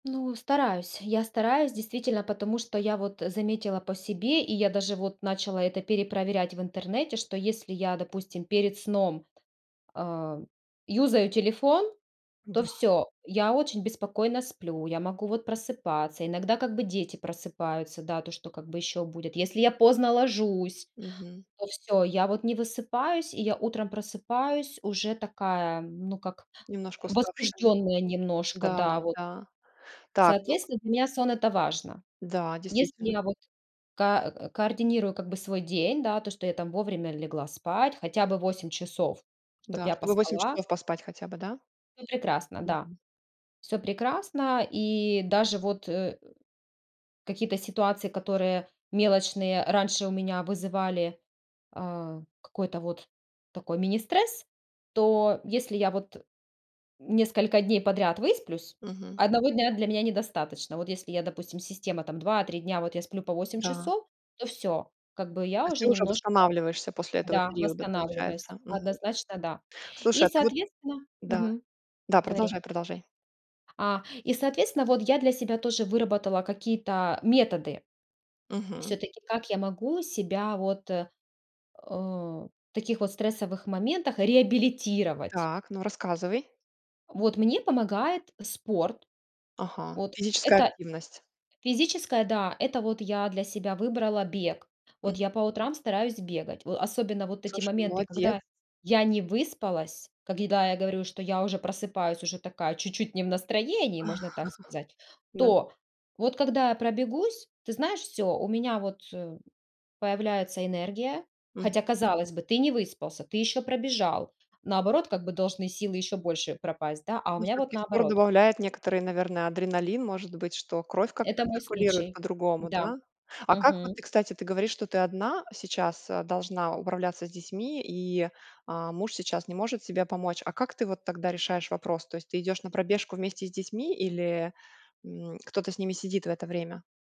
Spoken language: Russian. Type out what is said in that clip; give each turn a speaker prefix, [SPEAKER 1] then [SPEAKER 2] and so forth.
[SPEAKER 1] Ну, стараюсь. Я стараюсь, действительно, потому что я вот заметила по себе и я даже вот начала это перепроверять в интернете, что если я, допустим, перед сном, а, юзаю телефон, то
[SPEAKER 2] Да.
[SPEAKER 1] всё. Я очень беспокойно сплю, я могу вот просыпаться, иногда как бы дети просыпаются, да, то что как бы ещё будит. Если я поздно ложусь,
[SPEAKER 2] Мгм.
[SPEAKER 1] то всё, я вот не высыпаюсь и я утром просыпаюсь уже такая, ну как
[SPEAKER 2] Немножко уставшие.
[SPEAKER 1] возбуждённая немножко,
[SPEAKER 2] Да,
[SPEAKER 1] да вот.
[SPEAKER 2] да, так, ну
[SPEAKER 1] Соответственно, для меня сон- это важно.
[SPEAKER 2] Да,
[SPEAKER 1] Если
[SPEAKER 2] действительно.
[SPEAKER 1] я вот ка к координирую как бы свой день, да, то, что я там вовремя легла спать, хотя бы 8 часов, чтобы
[SPEAKER 2] Да.
[SPEAKER 1] я
[SPEAKER 2] Чтобы 8
[SPEAKER 1] поспала.
[SPEAKER 2] часов поспать хотя бы, да?
[SPEAKER 1] Ну прекрасно, да.
[SPEAKER 2] Мгм.
[SPEAKER 1] Всё прекрасно. И даже вот, э, какие-то ситуации, которые мелочные раньше у меня вызывали, а, какой-то вот такой министресс. То если я, вот, несколько дней подряд высплюсь,
[SPEAKER 2] Мгм.
[SPEAKER 1] 1 дня для меня недостаточно, вот если я, допустим, система, там, 2-3 дня вот я сплю по 8
[SPEAKER 2] Да.
[SPEAKER 1] часов, то всё. Как бы
[SPEAKER 2] То
[SPEAKER 1] я
[SPEAKER 2] есть
[SPEAKER 1] уже
[SPEAKER 2] ты уже
[SPEAKER 1] немножко,
[SPEAKER 2] восстанавливаешься после этого
[SPEAKER 1] да,
[SPEAKER 2] периода, получается,
[SPEAKER 1] восстанавливаюсь.
[SPEAKER 2] мгм.
[SPEAKER 1] Однозначно, да. И,
[SPEAKER 2] Слушай, а ты вот
[SPEAKER 1] соответственно,
[SPEAKER 2] Да.
[SPEAKER 1] мгм,
[SPEAKER 2] Да,
[SPEAKER 1] говори.
[SPEAKER 2] продолжай, продолжай.
[SPEAKER 1] А, и, соответственно, вот я для себя тоже выработала какие-то методы
[SPEAKER 2] Мгм.
[SPEAKER 1] всё-таки, как я могу себя, вот, э, таких вот стрессовых моментах реабилитировать?
[SPEAKER 2] Так, ну рассказывай.
[SPEAKER 1] Вот мне помогает спорт.
[SPEAKER 2] Ага,
[SPEAKER 1] Вот.
[SPEAKER 2] физическая
[SPEAKER 1] Это
[SPEAKER 2] активность.
[SPEAKER 1] физическое, да, это вот я для себя выбрала бег. Вот
[SPEAKER 2] М.
[SPEAKER 1] я по утрам стараюсь бегать. В особенно вот эти
[SPEAKER 2] Слушай, ну
[SPEAKER 1] моменты,
[SPEAKER 2] молодец.
[SPEAKER 1] когда я не выспалась. Когда я говорю, что я уже просыпаюсь уже такая чуть-чуть не в настроении, можно так сказать.
[SPEAKER 2] Да.
[SPEAKER 1] То, вот когда я пробегусь, ты знаешь, всё. У меня вот, э, появляется энергия.
[SPEAKER 2] Мгм.
[SPEAKER 1] Хотя, казалось бы, ты не выспался, ты ещё пробежал. Наоборот, как бы, должны силы ещё больше пропасть, да, а у
[SPEAKER 2] Ну
[SPEAKER 1] меня вот
[SPEAKER 2] всё-таки спорт
[SPEAKER 1] наоборот.
[SPEAKER 2] добавляет некоторый, наверно, адреналин, может быть, что кровь как-то
[SPEAKER 1] Это мой
[SPEAKER 2] циркулирует
[SPEAKER 1] случай.
[SPEAKER 2] по-другому,
[SPEAKER 1] Да.
[SPEAKER 2] да? А как вот ты,
[SPEAKER 1] Мгм.
[SPEAKER 2] кстати, ты говоришь, что ты одна сейчас, а, должна управляться с детьми и, а, муж сейчас не может тебе помочь, а как ты вот тогда решаешь вопрос? То есть, ты идёшь на пробежку вместе с детьми или, м, кто-то с ними сидит в это время?